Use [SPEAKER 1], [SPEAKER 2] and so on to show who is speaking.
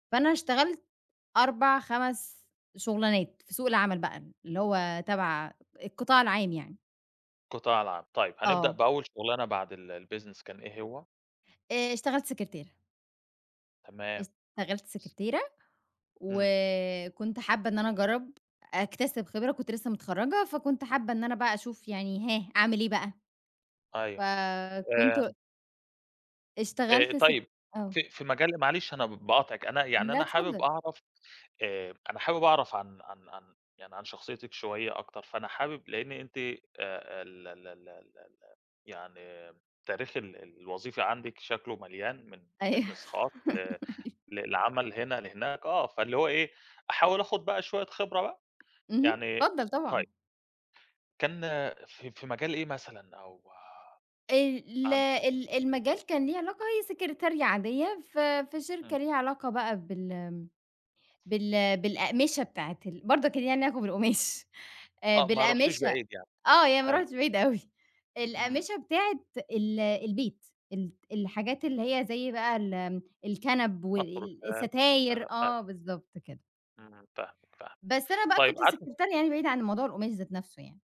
[SPEAKER 1] فأنا اشتغلت 4 5 شُغلانات في سوق العمل بقى اللي هو تبع القطاع العام يعني.
[SPEAKER 2] القطاع العام. طيب هنبدأ
[SPEAKER 1] آه.
[SPEAKER 2] بأول شُغلانة بعد ال الbusiness كان إيه هو؟
[SPEAKER 1] آآ، اشتغلت سكرتيرة.
[SPEAKER 2] تمام
[SPEAKER 1] اشتغلت
[SPEAKER 2] س
[SPEAKER 1] سكرتيرة،
[SPEAKER 2] إمم.
[SPEAKER 1] وكنت حابة إن أنا أجرّب، أكتسب خبرة كنت لسه متخرّجة فكنت حابة إن أنا بقى اشوف يعني ها أعمل إيه بقى؟
[SPEAKER 2] أيوه
[SPEAKER 1] فكنت
[SPEAKER 2] آآ آآ،
[SPEAKER 1] اشتغلت س
[SPEAKER 2] طيب
[SPEAKER 1] آه.
[SPEAKER 2] في في مجال معلش أنا ب باقاطعِك أنا يعني
[SPEAKER 1] لأ،
[SPEAKER 2] أنا حابب
[SPEAKER 1] اتفضل.
[SPEAKER 2] أعرف آآ، أنا حابب أعرف عن -عن عن يعني عن شخصيتِك شوية أكتر، فأنا حابب لإن أنتِ آآ، ال ال ال ال ال يعني تاريخ ال الوظيفي عندِك شكلُه مليان من
[SPEAKER 1] أيوه.
[SPEAKER 2] business خاص ل
[SPEAKER 1] أيوه.
[SPEAKER 2] لعمل هنا لهناك، آه، فاللي هو إيه، أحاول آخد بقى شوية خبرة بقى،
[SPEAKER 1] اهم،
[SPEAKER 2] يعني
[SPEAKER 1] اتفضّل طبعًا.
[SPEAKER 2] طيب كان في في مجال إيه مثلًا أو
[SPEAKER 1] ال ال
[SPEAKER 2] عن
[SPEAKER 1] ال المجال كان ليه علاقة هي سكرتارية عادية ف في شركة
[SPEAKER 2] إمم.
[SPEAKER 1] ليها علاقة بقى بال بال بالأقمشة بتاعة ال برضه كان ليها علاقة بالقماش آآ،
[SPEAKER 2] آه، ما رُحتيش
[SPEAKER 1] بالأقمشة
[SPEAKER 2] بعيد يعني،
[SPEAKER 1] آه، يعني ما
[SPEAKER 2] حلو.
[SPEAKER 1] رُحتش بعيد أوي،
[SPEAKER 2] إمم.
[SPEAKER 1] الأقمشة بتاعة ال البيت الت الحاجات اللي هي زي بقى ال الكَنَب
[SPEAKER 2] مفروشات،
[SPEAKER 1] والستاير
[SPEAKER 2] كنب، أيوه.
[SPEAKER 1] آه بالضبط كده.
[SPEAKER 2] إمم، فاهمِك، فاهمِك،
[SPEAKER 1] بس أنا بقى
[SPEAKER 2] طيب
[SPEAKER 1] كنت
[SPEAKER 2] قعد
[SPEAKER 1] سكرتارية يعني بعيدة يعني عن موضوع القماش ذات نفسُه يعني.